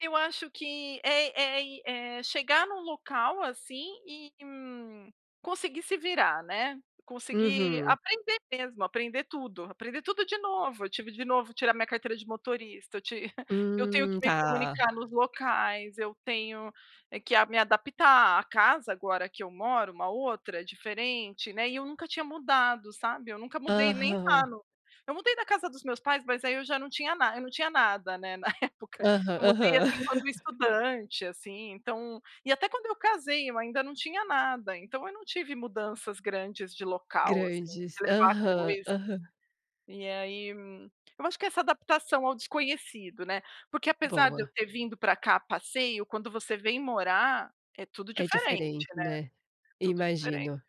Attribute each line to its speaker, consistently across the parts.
Speaker 1: Eu acho que é é e é chegar num local, assim, e, hum, conseguir se virar, né? Conseguir
Speaker 2: Uhum.
Speaker 1: aprender mesmo, aprender tudo, aprender tudo de novo. Eu tive de novo tirar minha carteira de motorista, ti Eu tenho que
Speaker 2: Hum,
Speaker 1: me
Speaker 2: tá.
Speaker 1: comunicar nos locais, eu tenho, eh, que a me adaptar. A casa agora que eu moro, uma outra, diferente, né, e eu nunca tinha mudado, sabe, eu nunca mudei nem lá
Speaker 2: Aham.
Speaker 1: no Eu mudei na casa dos meus pais, mas aí eu já não tinha na eu não tinha nada, né, na época.
Speaker 2: Aham,
Speaker 1: Eu mudei,
Speaker 2: aham.
Speaker 1: assim, quando estudante, assim. Então e até quando eu casei eu ainda não tinha nada. Então, eu não tive mudanças grandes de local, assim,
Speaker 2: Grandes.
Speaker 1: de levar
Speaker 2: Aham,
Speaker 1: coisas.
Speaker 2: aham.
Speaker 1: E aí, hum, eu acho que essa adaptação ao desconhecido, né. Porque apesar de eu
Speaker 2: Boa.
Speaker 1: ter vindo pra cá a passeio, quando você vem morar, é tudo
Speaker 2: É
Speaker 1: diferente,
Speaker 2: diferente,
Speaker 1: né?
Speaker 2: né?
Speaker 1: Tudo diferente.
Speaker 2: Imagino.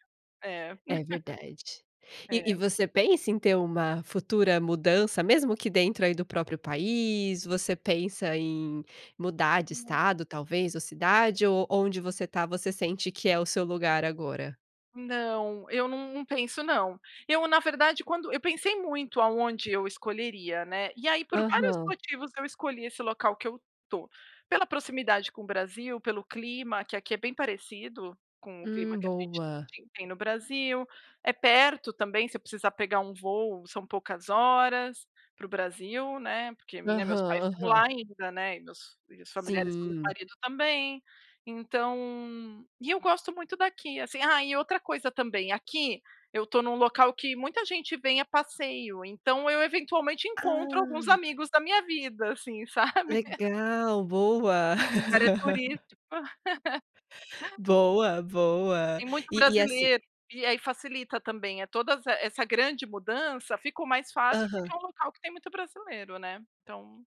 Speaker 1: É.
Speaker 2: É verdade. E
Speaker 1: É.
Speaker 2: e você pensa em ter uma futura mudança, mesmo que dentro aí do próprio país? Você pensa em mudar de
Speaker 1: [unintelligible]
Speaker 2: estado, talvez, ou cidade? Ou onde você está, você sente que é o seu lugar agora?
Speaker 1: Não, eu n não penso, não. Eu, na verdade, quando eu pensei muito a onde eu escolheria, né. E aí, por vários
Speaker 2: Aham.
Speaker 1: motivos, eu escolhi esse local que eu estou. Pela proximidade com o Brasil, pelo clima, que aqui é bem parecido com o clima
Speaker 2: Hum,
Speaker 1: que a gente
Speaker 2: boa.
Speaker 1: ti tem no Brasil. É perto também, se eu precisar pegar um voo, são poucas horas para o Brasil, né, porque, né, meus
Speaker 2: Aham,
Speaker 1: pais estão lá
Speaker 2: aham.
Speaker 1: ainda, né, e meus e os familiares do meu
Speaker 2: Sim.
Speaker 1: marido também. Então E eu gosto muito daqui, assim. E, ah, e outra coisa também, aqui eu estou num local que muita gente vem a passeio. Então eu, eventualmente, encontro alguns
Speaker 2: Ah.
Speaker 1: amigos da minha vida assim, sabe?
Speaker 2: Legal, boa.
Speaker 1: O lugar é turístico.
Speaker 2: Boa, boa.
Speaker 1: Tem muito
Speaker 2: E e assim
Speaker 1: brasileiro e aí facilita também, eh, todas essa grande mudança, ficou mais fácil, porque é
Speaker 2: Aham.
Speaker 1: um local que tem muito brasileiro, né, então